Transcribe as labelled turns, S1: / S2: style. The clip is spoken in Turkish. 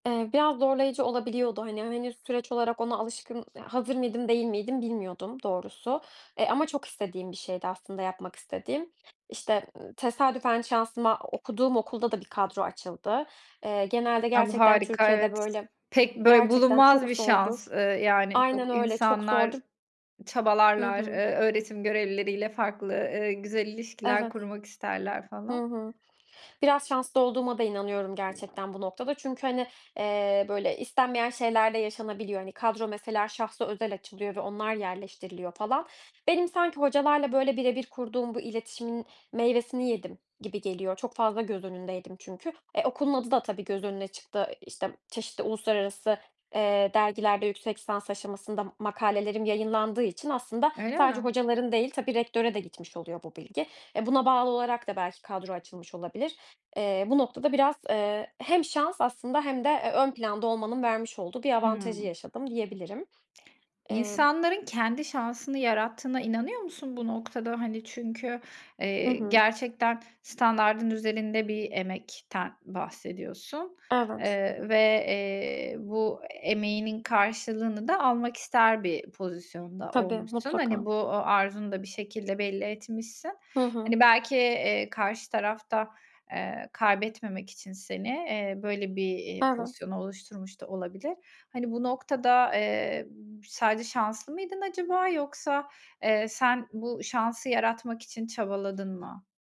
S1: Eee, biraz zorlayıcı olabiliyordu. Hani, henüz süreç olarak ona alışkın ha hazır mıydım değil miydim bilmiyordum doğrusu. E, ama çok istediğim bir şeydi aslında yapmak istediğim, işte, ııı, tesadüfen şansıma o okuduğum okulda da bir kadro açıldı. Eee, genelde
S2: A, bu
S1: gerçekten
S2: harika,
S1: Türkiye'de
S2: evet.
S1: böyle
S2: Pek, böyle
S1: Gerçekten
S2: bulunmaz
S1: çok
S2: bir
S1: zordur.
S2: şans, ııı, yani, yok
S1: Aynen öyle, çok
S2: insanlar
S1: zordur. Hı
S2: çabalarlar,
S1: hı.
S2: eee, öğretim görevlileri ile farklı, eee, güzel ilişkiler
S1: Evet.
S2: kurmak isterler
S1: Hı
S2: falan.
S1: hı. Biraz şanslı olduğuma da inanıyorum gerçekten bu noktada. Çünkü hani, eee, böyle, istenmeyen şeyler de yaşanabiliyor. Hani, kadro mesela şahsa özel açılıyor ve onlar yerleştiriliyor falan. Benim sanki hocalarla, böyle, bire bir kurduğum bu iletişimin meyvesini yedim gibi geliyor. Çok fazla göz önündeydim çünkü. E, okulun adı da tabii göz önüne çıktı. İşte, çeşitli uluslararası, eee, dergilerde yüksek lisans aşamasında m makalelerim yayınlandığı için aslında
S2: Öyle
S1: sadece
S2: mi?
S1: hocaların değil, tabii, rektöre de gitmiş oluyor bu bilgi. E, buna bağlı olarak da belki kadro açılmış olabilir. Eee, bu noktada biraz, eee, hem şans aslında hem de ö ön planda olmanın vermiş olduğu bir avantajı
S2: Hımm.
S1: yaşadım diyebilirim. Emm.
S2: İnsanların kendi şansını yarattığına inanıyor musun, bu noktada? Hani çünkü,
S1: Hı
S2: eee,
S1: hı.
S2: gerçekten standardın üzerinde bir emekten bahsediyorsun,
S1: Evet.
S2: eee, ve, eee, bu emeğinin karşılığını da almak ister bir pozisyonda
S1: Tabii,
S2: olmuşsun. Hani,
S1: mutlaka.
S2: bu, ııı, arzunu da bir şekilde belli etmişsin.
S1: Hı hı.
S2: Hani, belki, eee, karşı taraf da, eee, kaybetmemek için seni, eee, böyle bir, eee,
S1: Evet.
S2: pozisyonu oluşturmuş da olabilir. Hani, bu noktada, eee, sadece şanslı mıydın acaba yoksa, eee, sen bu şansı yaratmak için çabaladın mı?